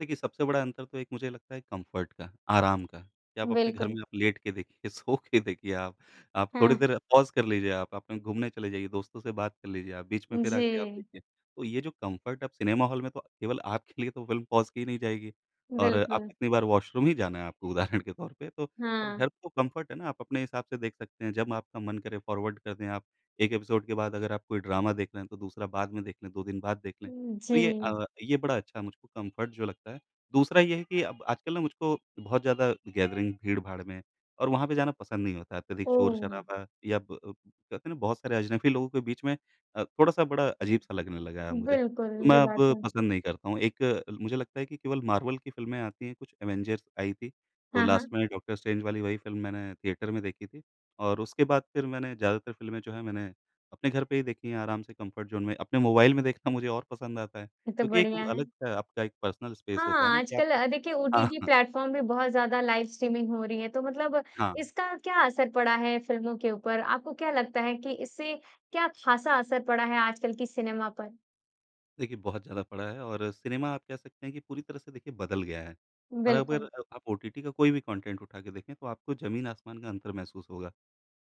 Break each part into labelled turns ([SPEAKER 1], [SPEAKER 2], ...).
[SPEAKER 1] देखिए, सबसे बड़ा अंतर तो एक मुझे लगता है कम्फ़र्ट का, आराम का, कि आप अपने घर
[SPEAKER 2] बिल्कुल।
[SPEAKER 1] में आप लेट के देखिए, सो के देखिए आप। आप थोड़ी
[SPEAKER 2] हुँ।
[SPEAKER 1] देर पॉज़ कर लीजिए आप, आप कहीं घूमने चले जाइए, दोस्तों से बात कर लीजिए आप, बीच में फिर आके आप
[SPEAKER 2] जी।
[SPEAKER 1] देखिए। तो ये जो कम्फ़र्ट अब सिनेमा हॉल में तो केवल आपके लिए तो फ़िल्म पॉज़ की नहीं जाएगी, और आप
[SPEAKER 2] बिल्कुल।
[SPEAKER 1] कितनी बार वॉशरूम ही जाना है आपको, उदाहरण के तौर पे। तो अब
[SPEAKER 2] हाँ।
[SPEAKER 1] घर तो कम्फ़र्ट है ना, आप अपने हिसाब से देख सकते हैं। जब आपका मन करे, फ़ॉरवर्ड कर दें आप। एक एपिसोड के बाद अगर आप कोई ड्रामा देख रहे हैं, तो दूसरा बाद में देख लें, 2 दिन बाद देख लें।
[SPEAKER 2] उ,
[SPEAKER 1] तो ये
[SPEAKER 2] जी।
[SPEAKER 1] अ, ये बड़ा अच्छा है मुझको कम्फ़र्ट जो लगता है। दूसरा ये है कि अब आजकल ना, मुझको बहुत ज़्यादा गैदरिंग, भीड़-भाड़ में और वहाँ पे जाना पसंद नहीं होता है, अत्यधिक
[SPEAKER 2] ओह!
[SPEAKER 1] शोर-शराबा या प अ, कहते हैं ना, बहुत सारे अजनबी लोगों के बीच में अ, थोड़ा-सा बड़ा अजीब-सा लगने लगा है अब मुझे,
[SPEAKER 2] बिल्कुल,
[SPEAKER 1] तो मैं
[SPEAKER 2] ये
[SPEAKER 1] अब
[SPEAKER 2] बात तो है।
[SPEAKER 1] पसंद नहीं करता हूँ। एक, मुझे लगता है कि केवल मार्वल की फ़िल्में आती हैं, कुछ एवेंजर्स आई थी। तो
[SPEAKER 2] हाँ,
[SPEAKER 1] लास्ट
[SPEAKER 2] हाँ।
[SPEAKER 1] में डॉ. स्ट्रेंज वाली वही फ़िल्म मैंने थिएटर में देखी थी और उसके बाद फिर मैंने ज़्यादातर फ़िल्में जो हैं, मैंने अपने घर पे ही देखी हैं, आराम से कम्फ़र्ट ज़ोन में। अपने मोबाइल में देखना मुझे और पसंद आता है,
[SPEAKER 2] ये तो
[SPEAKER 1] क्योंकि एक वो
[SPEAKER 2] बढ़िया है।
[SPEAKER 1] अलग-सा आपका एक पर्सनल स्पेस होता है ना
[SPEAKER 2] हाँ,
[SPEAKER 1] कि
[SPEAKER 2] आजकल
[SPEAKER 1] आप
[SPEAKER 2] अ, देखिए, ओटीटी
[SPEAKER 1] हाँ।
[SPEAKER 2] प्लेटफ़ॉर्म में बहुत ज़्यादा लाइव-स्ट्रीमिंग हो रही है। तो मतलब
[SPEAKER 1] हाँ।
[SPEAKER 2] इसका क्या असर पड़ा है फ़िल्मों के ऊपर? आपको क्या लगता है कि इससे क्या खासा असर पड़ा है आज कल की सिनेमा पर?
[SPEAKER 1] देखिए, बहुत ज़्यादा पड़ा है और सिनेमा आप कह सकते हैं कि पूरी तरह से, देखिए, बदल गया है। और अब
[SPEAKER 2] बिल्कुल।
[SPEAKER 1] अगर आप ओटीटी का कोई भी कॉन्टेंट उठा के देखें, तो आपको ज़मीन-आसमान का अंतर महसूस होगा।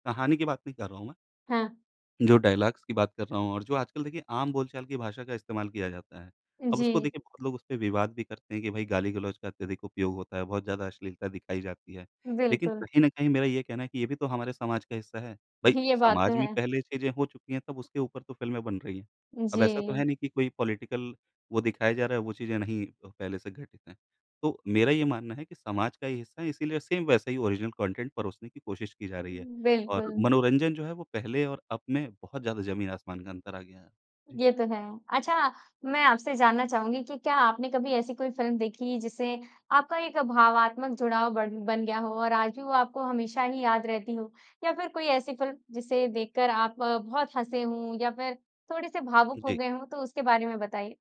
[SPEAKER 1] कहानी की बात नहीं कर रहा हूँ मैं।
[SPEAKER 2] हाँ।
[SPEAKER 1] जो डायलॉग्स की बात कर रहा हूँ और जो आजकल, देखिए, आम बोल-चाल की भाषा का इस्तेमाल किया जाता है। अब उसको,
[SPEAKER 2] जी।
[SPEAKER 1] देखिए, बहुत लोग उसपे विवाद भी करते हैं कि, "भाई, गाली-गलौच का अत्यधिक उपयोग होता है। बहुत ज़्यादा अश्लीलता दिखाई जाती है।" लेकिन
[SPEAKER 2] बिल्कुल।
[SPEAKER 1] कहीं न कहीं मेरा ये कहना है कि ये भी तो हमारे समाज का हिस्सा है। भाई,
[SPEAKER 2] ये बात तो
[SPEAKER 1] समाज में
[SPEAKER 2] है।
[SPEAKER 1] पहले ये चीज़ें हो चुकी हैं, तब उसके ऊपर फ़िल्में बन रही हैं। अब ऐसा तो है
[SPEAKER 2] जी।
[SPEAKER 1] नहीं कि कोई पॉलिटिकल वो दिखाया जा रहा है, वो चीज़ें नहीं अ, पहले से घटित हैं। तो मेरा ये मानना है कि समाज का ये हिस्सा हैं, इसीलिए सेम वैसा ही ओरिजिनल कॉन्टेंट परोसने की कोशिश की जा रही है और
[SPEAKER 2] बिल्कुल।
[SPEAKER 1] मनोरंजन जो है, वो पहले और अब में बहुत ज़्यादा ज़मीन-आसमान का अंतर आ गया है। जी।
[SPEAKER 2] ये तो है। अच्छा, मैं आपसे ये जानना चाहूँगी कि क्या आपने कभी ऐसी कोई फ़िल्म देखी, जिससे आपका एक भावात्मक जुड़ाव बढ़ बन गया हो और आज भी वो आपको हमेशा ही याद रहती हो? या फिर कोई ऐसी फ़िल्म, जिसे देखकर आप बहुत हँसे हों या फिर थोड़े-से भावुक हो
[SPEAKER 1] जी।
[SPEAKER 2] गए हों? तो उसके बारे में बताइए।